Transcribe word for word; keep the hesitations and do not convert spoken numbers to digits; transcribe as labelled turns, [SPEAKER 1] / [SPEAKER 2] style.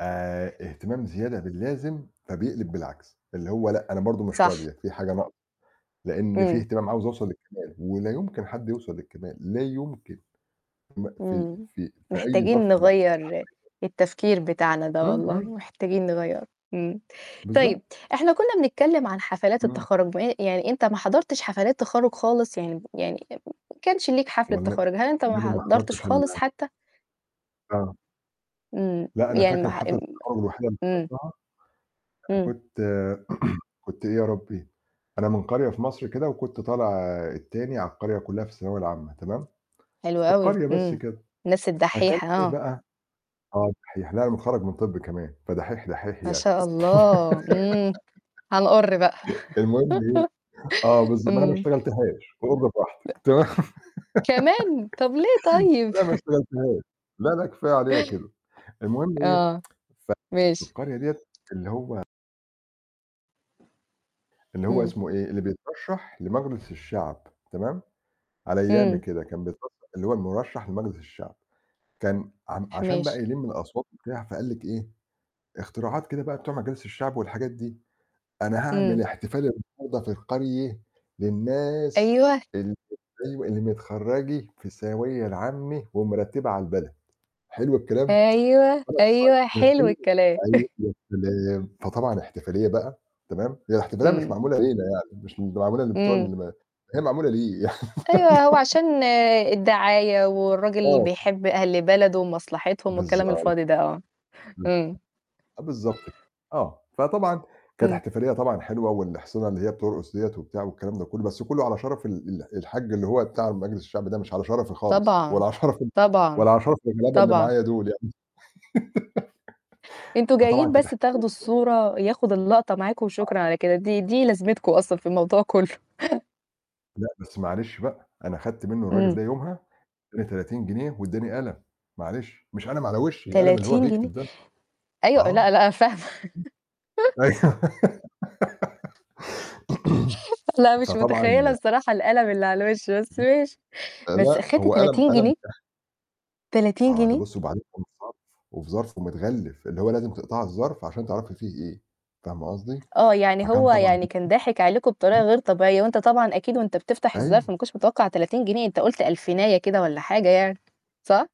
[SPEAKER 1] آآ، ا هتمام زيادة باللازم فبيقلب بالعكس، اللي هو لأ أنا برضه مش
[SPEAKER 2] صح.
[SPEAKER 1] راضي في حاجة ناقصة، لإن في
[SPEAKER 2] إمم.
[SPEAKER 1] اهتمام عاوز أوصل للكمال ولا يمكن حد يوصل للكمال، لا يمكن م في
[SPEAKER 2] إمم.
[SPEAKER 1] في في أي ظرف
[SPEAKER 2] محتاجين
[SPEAKER 1] م
[SPEAKER 2] نغيّر
[SPEAKER 1] [unintelligible]
[SPEAKER 2] التفكير بتاعنا ده
[SPEAKER 1] إمم،
[SPEAKER 2] والله،
[SPEAKER 1] إمم.
[SPEAKER 2] محتاجين نغيّره، إمم. طيب
[SPEAKER 1] بالضبط.
[SPEAKER 2] إحنا كنّا بنتكلّم عن حفلات
[SPEAKER 1] إمم.
[SPEAKER 2] التخرُّج بع يعني أنت ما حضرتش حفلات تخرّج خالص، يعني يعني ما كانش ليك حفلة
[SPEAKER 1] والنب
[SPEAKER 2] تخرُّج، هل أنت ما
[SPEAKER 1] والنبي أنا
[SPEAKER 2] حضرتش
[SPEAKER 1] محضرتش
[SPEAKER 2] خالص
[SPEAKER 1] ال
[SPEAKER 2] حتى؟
[SPEAKER 1] آه.
[SPEAKER 2] إمم،
[SPEAKER 1] لأ أنا
[SPEAKER 2] يعني ما
[SPEAKER 1] فاكر
[SPEAKER 2] ح
[SPEAKER 1] حفلة
[SPEAKER 2] ام
[SPEAKER 1] التخرُّج الوحيدة اللي
[SPEAKER 2] إمم.
[SPEAKER 1] حضرتها، أنا
[SPEAKER 2] إمم.
[SPEAKER 1] كنت كنت إيه يا ربّي؟ أنا من قرية في مصر كده وكنت طالع التاني على القرية كلّها في الثانوية العامة تمام،
[SPEAKER 2] حلو
[SPEAKER 1] في
[SPEAKER 2] أوي،
[SPEAKER 1] القرية بس
[SPEAKER 2] إمم،
[SPEAKER 1] كده،
[SPEAKER 2] الناس
[SPEAKER 1] فكان
[SPEAKER 2] الدحّيحة
[SPEAKER 1] إيه
[SPEAKER 2] آه.
[SPEAKER 1] بقى آه الدحّيح، لأ أنا متخرّج من طِب كمان، فدحّيح، دحّيح
[SPEAKER 2] ما
[SPEAKER 1] يعني.
[SPEAKER 2] شاء الله إمم، هنقُرّ بقى،
[SPEAKER 1] المهم إيه آه بالضب ما أنا
[SPEAKER 2] إمم.
[SPEAKER 1] اشتغلتهاش فقُرّي براحتك تمام،
[SPEAKER 2] كمان! طَب ليه طيب؟
[SPEAKER 1] لأ ما اشتغلتهاش، لأ، لأ، كفاية عليّا كده، المهم إيه،
[SPEAKER 2] آه، ماشي.
[SPEAKER 1] فالقرية ديّة اللي هو اللي هو
[SPEAKER 2] إمم.
[SPEAKER 1] اسمه إيه اللي بيترشّح لمجلس الشعب تمام، على أيامي
[SPEAKER 2] إمم.
[SPEAKER 1] كده كان بيترشّح اللي هو المُرشّح لمجلس الشعب كان عم
[SPEAKER 2] ح
[SPEAKER 1] عشان بقى
[SPEAKER 2] ماشي.
[SPEAKER 1] يلِم الأصوات وبتاع، فقال لِك إيه، اختراعات كده بقى بتوع مجالس الشعب والحاجات دي، "أنا
[SPEAKER 2] إمم.
[SPEAKER 1] هاعمل احتفال النهارده في القرية للناس
[SPEAKER 2] أيوه.
[SPEAKER 1] ال [unintelligible] اللي متخرّجة في الثاوية العامة ومرتّبة على البلد." حلو الكلام،
[SPEAKER 2] أيوه، أيوه، حلو الكلام.
[SPEAKER 1] [unintelligible] فطبعًا احتفالية بقى تمام، هي الاحتفالية مش
[SPEAKER 2] إمم.
[SPEAKER 1] معمولة لينا يعني مش معمولة لبتوع
[SPEAKER 2] إمم.
[SPEAKER 1] المن هي معمولة ليه.
[SPEAKER 2] أيوه، هو عشان الدعاية والراجل
[SPEAKER 1] آه.
[SPEAKER 2] بيحب أهل بلده ومصلحتهم والكلام
[SPEAKER 1] بالضبط.
[SPEAKER 2] الفاضي ده آه،
[SPEAKER 1] إمم.
[SPEAKER 2] إمم.
[SPEAKER 1] آه بالضبط، آه. فطبعا كانت
[SPEAKER 2] إمم.
[SPEAKER 1] احتفالية طبعًا حلوة والإحصنة اللي هي بترقُص ديّة وبتاع والكلام ده كلّه، بس كلّه على شرف ال ال الحاج اللي هو بتاع مجلس الشعب ده مش على شرفي خالص
[SPEAKER 2] طبعًا،
[SPEAKER 1] ولا على شرف ال
[SPEAKER 2] طبعًا،
[SPEAKER 1] ولا على شرف الغلابة اللي
[SPEAKER 2] طبعًا.
[SPEAKER 1] معايا دُول يعني.
[SPEAKER 2] أنتم
[SPEAKER 1] فطبعًا
[SPEAKER 2] جايين
[SPEAKER 1] كانت
[SPEAKER 2] بس
[SPEAKER 1] احتفالية
[SPEAKER 2] تاخدوا
[SPEAKER 1] [unintelligible]
[SPEAKER 2] الصورة، ياخد اللقطة معاكم
[SPEAKER 1] آه.
[SPEAKER 2] وشكرًا على كده، دي دي لازمتكم أصلًا في الموضوع كلّه.
[SPEAKER 1] آه، لأ، بس معلش بقى أنا أخدت منّه الرجل
[SPEAKER 2] إمم.
[SPEAKER 1] ده يومها إدّاني تلاتين جنيه وإدّاني قلم معلش، مش قلم على وِشّي القلم اللي هو
[SPEAKER 2] تلاتين جنيه!
[SPEAKER 1] بيكتب ده.
[SPEAKER 2] أيوه، لأ،
[SPEAKER 1] آه.
[SPEAKER 2] لأ، فاهمة.
[SPEAKER 1] أيوه.
[SPEAKER 2] لأ مش
[SPEAKER 1] فطبعًا
[SPEAKER 2] متخيّلة الصراحة القلم اللي على الوِش بس ماشي،
[SPEAKER 1] آآ، لأ،
[SPEAKER 2] بس أخنت
[SPEAKER 1] هو قلم
[SPEAKER 2] تلاتين
[SPEAKER 1] قلم
[SPEAKER 2] جنيه؟
[SPEAKER 1] [unintelligible]
[SPEAKER 2] تلاتين
[SPEAKER 1] آه، ده
[SPEAKER 2] جنيه!
[SPEAKER 1] بُصّي وبعدين إدّاني ظرف وفي ظرف ومتغلّف اللي هو لازم تقطعي الظرف عشان تعرفي فيه إيه، فاهمة قصدي؟
[SPEAKER 2] آه، يعني
[SPEAKER 1] فكان
[SPEAKER 2] هو
[SPEAKER 1] طبعًا
[SPEAKER 2] يعني كان ضاحك عليكم بطريقة غير طبيعية وأنت طبعًا أكيد وأنت بتفتح الظرف ما
[SPEAKER 1] أيوه.
[SPEAKER 2] كنتش متوقّع تلاتين جنيه، أنت قُلت ألفيناية كده والّا حاجة يعني، صح؟